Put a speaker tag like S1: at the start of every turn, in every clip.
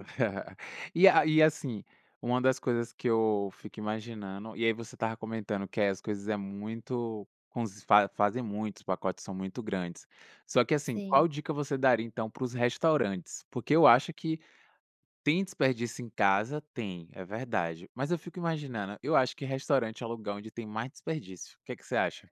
S1: E a e assim, uma das coisas que eu fico imaginando, e aí você estava comentando que é as coisas é muito, como se fa fazem muitos, os pacotes são muito grandes. Só que assim, qual
S2: Sim.
S1: dica você daria então para os restaurantes? Porque eu acho que tem desperdício em casa, tem, é verdade, mas eu fico imaginando, eu acho que restaurante é lugar onde tem mais desperdício. O que é que você acha?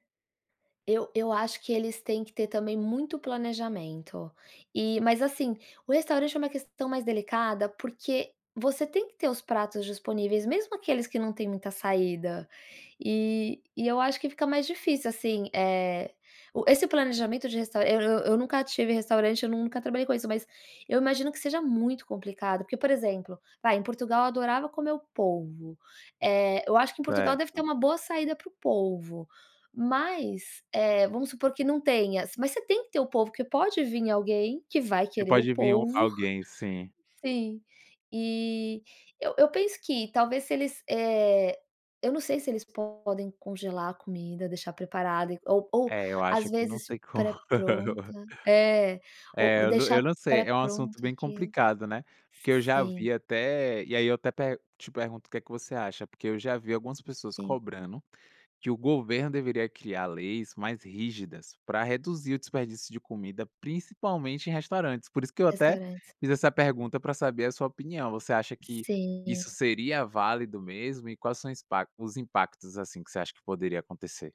S2: Eu eu acho que eles têm que ter também muito planejamento, e mas assim, o restaurante é uma questão mais delicada, porque você tem que ter os pratos disponíveis mesmo aqueles que não têm muita saída. E e eu acho que fica mais difícil, assim, eh, o esse planejamento de restaurante, eu eu nunca tive restaurante, eu nunca trabalhei com isso, mas eu imagino que seja muito complicado, porque, por exemplo, vai em Portugal eu adorava comer o polvo. Eh, eu acho que em Portugal deve ter
S1: Certo.
S2: uma boa saída para o polvo, mas, eh, vamos supor que não tenha, mas você tem que ter o polvo que pode vim alguém que vai
S1: E
S2: querer o
S1: pode vim o
S2: polvo.
S1: alguém, sim.
S2: Sim. E eu eu penso que talvez se eles, eh, eu não sei se eles podem congelar a comida, deixar preparada, e ou ou
S1: É, eu acho
S2: às
S1: que não
S2: vezes
S1: tem como.
S2: pré-pronta, é o
S1: É,
S2: ou
S1: eu n
S2: deixar
S1: eu não sei, é um assunto
S2: pré-pronto
S1: bem
S2: aquilo.
S1: complicado, né, porque eu já
S2: Sim.
S1: vi até e aí eu até pe te pergunto o que que você acha, porque eu já vi algumas pessoas
S2: Sim.
S1: cobrando que o governo deveria criar leis mais rígidas para reduzir o desperdício de comida, principalmente em restaurantes, por isso que eu até
S2: Restaurantes.
S1: fiz essa pergunta pra saber a sua opinião, você acha que
S2: Sim.
S1: isso seria válido mesmo, e quais são os pac os impactos, assim, que você acha que poderia acontecer?